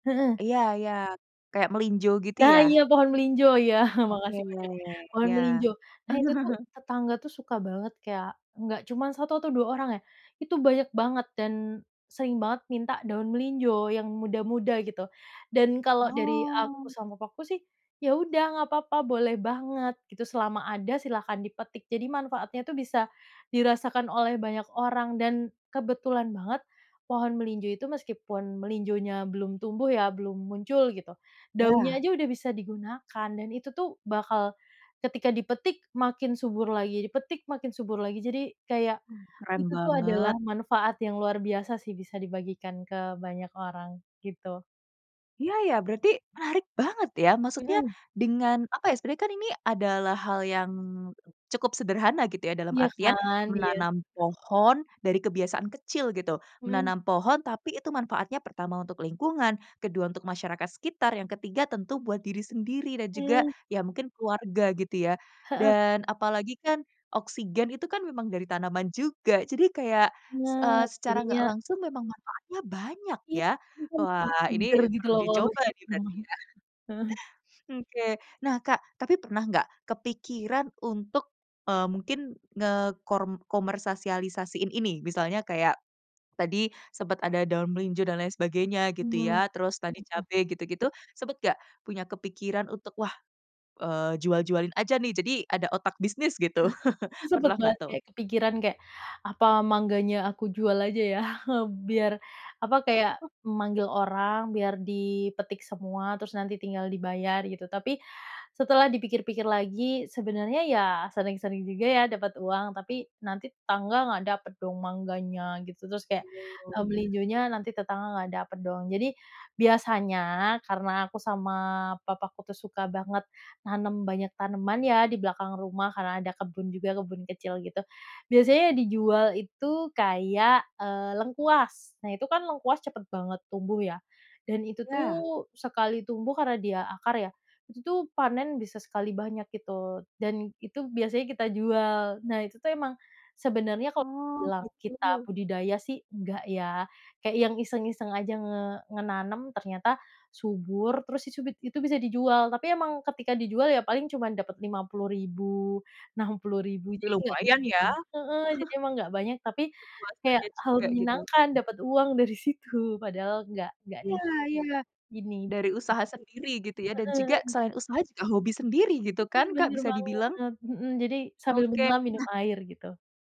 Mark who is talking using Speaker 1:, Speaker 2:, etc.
Speaker 1: Heeh.
Speaker 2: Iya iya, kayak melinjo gitu
Speaker 1: Nah
Speaker 2: ya?
Speaker 1: iya, pohon melinjo, Iya,
Speaker 2: Oke
Speaker 1: makasih
Speaker 2: ya
Speaker 1: infonya.
Speaker 2: ya,
Speaker 1: Pohon
Speaker 2: iya.
Speaker 1: melinjo, nah iya tuh tetangga suka banget kayak nggak cuman satu atau dua orang ya, itu banyak banget, dan sering banget minta daun melinjo, yang muda-muda gitu. Dan kalau dari aku
Speaker 2: Oh.
Speaker 1: sama papaku sih, ya udah nggak apa-apa boleh banget, gitu. Selama ada silakan dipetik. Jadi manfaatnya itu bisa dirasakan oleh banyak orang dan, kebetulan banget pohon melinjo itu meskipun melinjonya belum tumbuh ya, belum muncul gitu, daunnya
Speaker 2: Iya.
Speaker 1: aja udah bisa digunakan. Dan itu tuh, bakal ketika dipetik makin subur lagi, dipetik makin subur lagi. Jadi, kayak,
Speaker 2: Oh, keren
Speaker 1: itu tuh adalah
Speaker 2: banget.
Speaker 1: manfaat yang luar biasa sih bisa dibagikan ke banyak orang, gitu.
Speaker 2: Iya ya, berarti, menarik banget ya maksudnya
Speaker 1: Mhm.
Speaker 2: dengan apa ya, sebenarnya kan ini adalah hal yang cukup sederhana gitu ya, dalam
Speaker 1: Iya
Speaker 2: artian
Speaker 1: kan, iya.
Speaker 2: menanam pohon, dari kebiasaan kecil gitu.
Speaker 1: Mhm.
Speaker 2: Menanam pohon tapi itu manfaatnya pertama untuk lingkungan, kedua untuk masyarakat sekitar, yang ketiga tentu buat diri sendiri dan juga,
Speaker 1: Mmm.
Speaker 2: ya mungkin keluarga gitu ya.
Speaker 1: Heeh.
Speaker 2: Dan, apalagi kan, oksigen itu kan memang dari tanaman juga jadi kayak,
Speaker 1: Iya,
Speaker 2: s eee, secara
Speaker 1: jadinya
Speaker 2: nggak langsung memang manfaatnya banyak
Speaker 1: Ih,
Speaker 2: ya.
Speaker 1: itu kan masih
Speaker 2: Wah ini,
Speaker 1: segar gitu
Speaker 2: perlu
Speaker 1: loh
Speaker 2: dicoba nih berarti
Speaker 1: [unintelligible]
Speaker 2: ya.
Speaker 1: heeh.
Speaker 2: Oke. Nah Kak, tapi pernah enggak, kepikiran untuk, eee, mungkin ngekor komersialisasiin ini, misalnya kayak tadi, sempet ada daun melinjo dan lain sebagainya gitu
Speaker 1: Mmm,
Speaker 2: ya. Terus tadi
Speaker 1: heeh.
Speaker 2: cabe gitu-gitu, sempet nggak punya kepikiran untuk, "wah, eee, jual jualin aja nih" jadi ada otak bisnis gitu,
Speaker 1: Itu sempet
Speaker 2: pernah enggak tuh?
Speaker 1: banget kepikiran kayak, "apa mangganya aku jual aja ya? Biar, apa, kayak memanggil orang biar dipetik semua, terus nanti tinggal dibayar" gitu. Tapi, setelah dipikir pikir lagi, sebenarnya ya sering sering juga ya dapat uang, tapi, nanti tetangga nggak dapat dong mangganya, gitu. Terus kayak,
Speaker 2: Belum, oh
Speaker 1: eee,
Speaker 2: ya.
Speaker 1: melinjonya nanti tetangga nggak dapet dong. Jadi, biasanya karena aku sama papaku tuh suka banget nanem banyak tanaman ya di belakang rumah, karena ada kebun juga, kebun kecil gitu. Biasanya dijual itu kayak, eee, lengkuas, nah itu kan lengkuas cepet banget tumbuh ya, dan itu tuh,
Speaker 2: Iya.
Speaker 1: sekali tumbuh karena dia akar ya, itu panen bisa sekali banyak itu. Dan itu biasanya kita jual. Nah itu tuh memang, sebenarnya kalau
Speaker 2: Oh,
Speaker 1: bilang kita
Speaker 2: gitu.
Speaker 1: budidaya sih enggak ya, kayak yang iseng-iseng aja nge menanam ternyata subur terus isubit itu bisa dijual. Tapi emang ketika dijual ya paling cuma dapet 50.000, 60.000, jadi ya
Speaker 2: Lumayan ya.
Speaker 1: heeh, emang nggak banyak tapi, kayak
Speaker 2: Kemasannya
Speaker 1: hal
Speaker 2: juga gitu.
Speaker 1: menyenangkan dapat uang dari situ, padahal nggak nggak di
Speaker 2: Iya iya,
Speaker 1: gini
Speaker 2: dari usaha sendiri gitu ya, dan juga,
Speaker 1: [unintelligible]
Speaker 2: selain usaha juga hobi sendiri gitu
Speaker 1: Itu
Speaker 2: kan Kak
Speaker 1: benar
Speaker 2: bisa dibilang?
Speaker 1: banget mhm, jadi sambil
Speaker 2: Oke,
Speaker 1: menyelam minum
Speaker 2: nah
Speaker 1: air gitu.